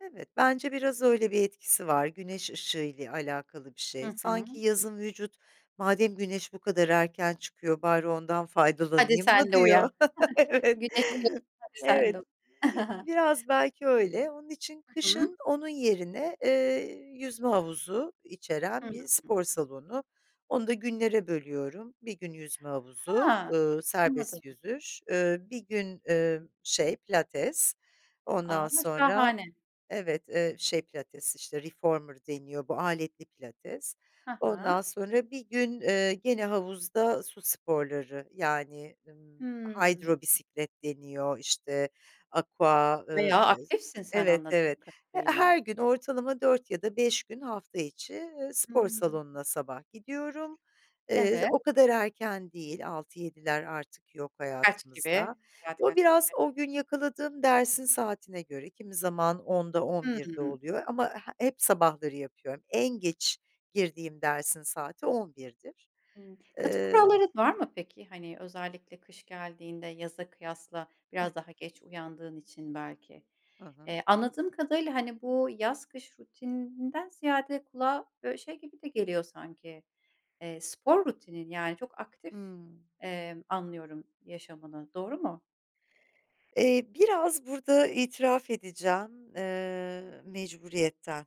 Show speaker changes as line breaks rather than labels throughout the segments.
Evet, bence biraz öyle bir etkisi var güneş ışığı ile alakalı bir şey.
Hı hı.
Sanki yazın vücut, "Madem güneş bu kadar erken çıkıyor bari ondan
Hadi
faydalanayım
sen
mı?"
de uyan.
diyor. Evet.
Güneş [unintelligible] Hadi sen de
Evet.
uyan.
Biraz belki öyle. Onun için
Hı hı.
kışın onun yerine, eee, yüzme havuzu içeren bir
Hıı.
spor salonu Onu da günlere bölüyorum; 1 gün yüzme havuzu,
Ha,
eee,
anladım.
serbest yüzüş, eee, 1 gün, eee, şey, pilates
A!
ondan sonra
Şahane.
Evet, eee, şey pilates, işte, reformer deniyor bu aletli pilates,
He he.
ondan sonra 1 gün, eee, gene havuzda su sporları yani, ımm,
Hımm.
hydro bisiklet deniyor, işte, aqua, eee.
Veya
[unintelligible]
aktifsin sen
Evet, evet.
anladığım
He
kadarıyla.
her gün ortalama 4 ya da 5 gün hafta içi, eee,
Hı
spor
hı.
salonuna sabah gidiyorum. Eee,
Evet.
o kadar erken değil, 6-7'ler artık yok
Kaç gibi?
hayatımızda.
Saat
O
kaç
biraz
gibi?
o gün yakaladığım dersin saatine göre kimi zaman 10.00'da 11.00'de
Hıı.
oluyor ama he hep sabahları yapıyorum. En geç girdiğim dersin saati 11.00'dir.
Hıı. Katı
Eee
kuralların var mı peki? Hani özellikle kış geldiğinde yaza kıyasla
Hıh.
biraz daha geç uyandığın için belki.
Hı hı.
Eee, anladığım kadarıyla, hani, bu yaz kış rutininden ziyade kulağa böyle şey gibi de geliyor sanki, eee, spor rutinin yani çok aktif,
Hıı.
emm, anlıyorum yaşamını. Doğru mu?
Eee, biraz burada itiraf edeceğim, eee, mecburiyetten.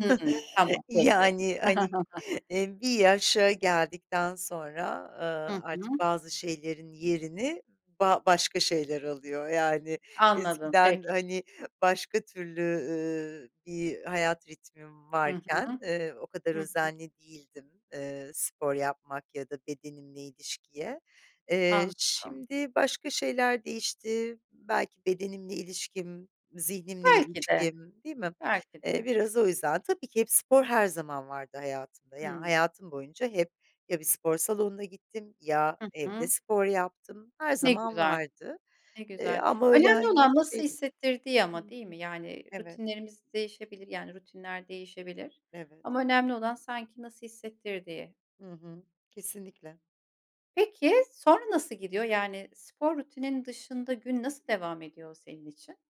Hıı. Tamam, peki.
Yani hani, e, bir yaşa geldikten sonra,
Hı
eee, artık
hı.
bazı şeylerin yerini ba başka şeyler alıyor yani
Anladım,
eskiden,
peki.
hani, başka türlü, ü bir hayat ritmim
Hı
varken,
hı.
eee, o kadar
Hı hı.
özenli değildim, eee, spor yapmak ya da bedenimle ilişkiye. Eee,
Anladım.
şimdi başka şeyler değişti, belki bedenimle ilişkim, zihnimle
Belki de,
ilişkim Değil mi?
belki
Eee,
de.
biraz o yüzden tabii ki hep spor her zaman vardı hayatımda. Yani
Hıı.
hayatım boyunca hep ya bir spor salonuna gittim ya
Hı
evde
hı.
spor yaptım. Her
Ne
zaman
güzel,
vardı,
ne
eee,
güzel.
ama öyle,
Önemli
hani,
olan nasıl
şey
hissettirdiği
Hı
ama, değil
hı,
mi? Yani
evet.
rutinlerimiz değişebilir yani rutinler değişebilir
Evet.
ama önemli olan sanki nasıl hissettirdiği.
Hı hı. Kesinlikle.
Peki, sonra nasıl gidiyor? Yani spor rutinin dışında gün nasıl devam ediyor senin için?